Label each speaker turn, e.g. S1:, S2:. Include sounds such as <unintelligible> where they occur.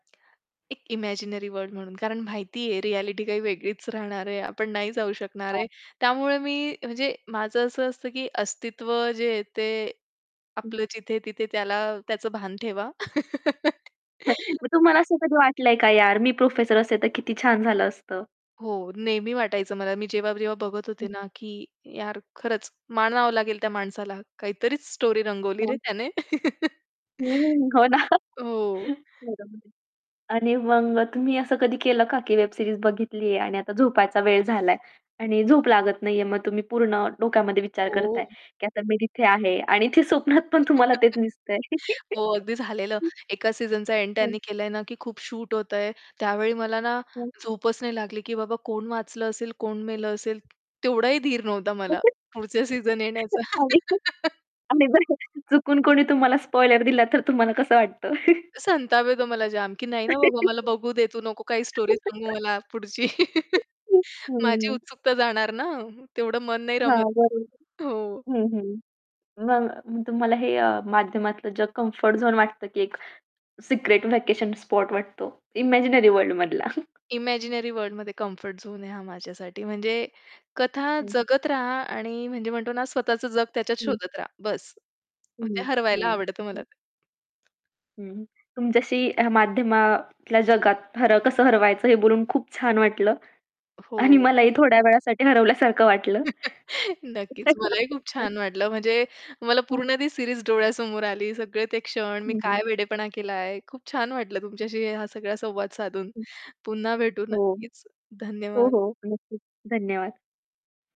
S1: एक imaginary world म्हणून, कारण माहितीये रिॲलिटी काही वेगळीच राहणार आहे, आपण नाही जाऊ शकणार
S2: हां.
S1: आहे. त्यामुळे मी, अ, म्हणजे माझं असं असतं, की अस्तित्व जे आहे ते
S2: हं.
S1: आपलं जिथ-तिथे त्याला, त्याचं भान ठेवा.
S2: <chuckles>
S1: <laughs>
S2: मग तुम्हाला असं कधी वाटलं आहे का यार, मी प्रोफेसर असते तर किती छान झालं असतं?
S1: हो, नेहमी वाटायचं मला. मी जेव्हा-जेव्हा बघत
S2: हं.
S1: होते ना, की यार खरंच मानावं लागेल त्या माणसाला, काहीतरीच स्टोरी रंगवली रे
S2: हां.
S1: त्याने, <laughs>
S2: हं, हो ना
S1: हो.
S2: रंगवली. आणि मग तुम्ही असं कधी केलं का, की वेब सीरीज बघितली आहे आणि आता झोपायचा वेळ झालाय आणि झोप लागत नाहीये. मग तुम्ही पूर्ण डोक्यामध्ये विचार करताय,
S1: हो.
S2: की आता मी तिथे आहे आणि ते स्वप्नात पण तुम्हाला तेच
S1: <laughs>
S2: दिसतं आहे.
S1: हो, अगदी झालेलं.
S2: <laughs>
S1: एका सीझनचा एंड
S2: हं.
S1: त्यांनी केलं आहे ना, की खूप शूट होतंय. त्यावेळी मला ना,
S2: हं.
S1: झोपच नाही लागली, की बाबा कोण वाचलं असेल, कोण मेलं असेल. तेवढाही धीर नव्हता मला,
S2: <laughs>
S1: पुढच्या सीझन येण्याचा.
S2: आणि जर
S1: <laughs>
S2: आणि जर अ, चुकून कोणी तुम्हाला स्पॉईलर दिला, तर तुम्हाला कसं वाटतं? <chuckles>
S1: संताप येतो मला जाम, की नाही ना बघू, मला
S2: <laughs>
S1: बघू दे, तू नको काही स्टोरी सांगू
S2: <laughs>
S1: मला पुढची
S2: <chuckles>
S1: <laughs> माझी
S2: हो.
S1: उत्सुकता जाणार ना, तेवढं मन नाही
S2: हां,
S1: रमत
S2: बरोबर.
S1: हो.
S2: हं, हं. मग तुम्हाला हे अ, माध्यमातलं जग कम्फर्ट झोन वाटतं, की एक सिक्रेट व्हेकेशन स्पॉट वाटतो, इमॅजिनरी वर्ल्ड मधला.
S1: इमॅजिनरी वर्ल्डमध्ये कम्फर्ट झोन आहे हा माझ्यासाठी. म्हणजे कथा
S2: हं.
S1: जगत रहा आणि म्हणजे म्हणतो ना, स्वतःचं जग त्याच्यात
S2: हं.
S1: शोधत रहा बस. मग
S2: हं,
S1: ते हरवायला
S2: हं,
S1: आवडतं
S2: हं.
S1: मला ते.
S2: हं. तुमच्याशी ह्या माध्यमातल्या जगात हर कसं हरवायचं हे बोलून खूप छान वाटलं. आणि
S1: हो.
S2: मलाही थोड्या वेळासाठी हरवल्यासारखं वाटलं.
S1: <chuckles> नक्कीच मलाही खूप
S2: <laughs>
S1: छान वाटलं, म्हणजे मला
S2: <unintelligible>
S1: पूर्ण ती सिरीज डोळ्यासमोर आली, सगळे ते क्षण, मी
S2: हं, हं.
S1: काय वेडेपणा केलाय. खूप छान वाटलं तुमच्याशी हा सगळा संवाद साधून,
S2: हं.
S1: पुन्हा भेटू
S2: हो.
S1: नक्कीच.
S2: हो,
S1: धन्यवाद.
S2: हो नक्कीच. धन्यवाद.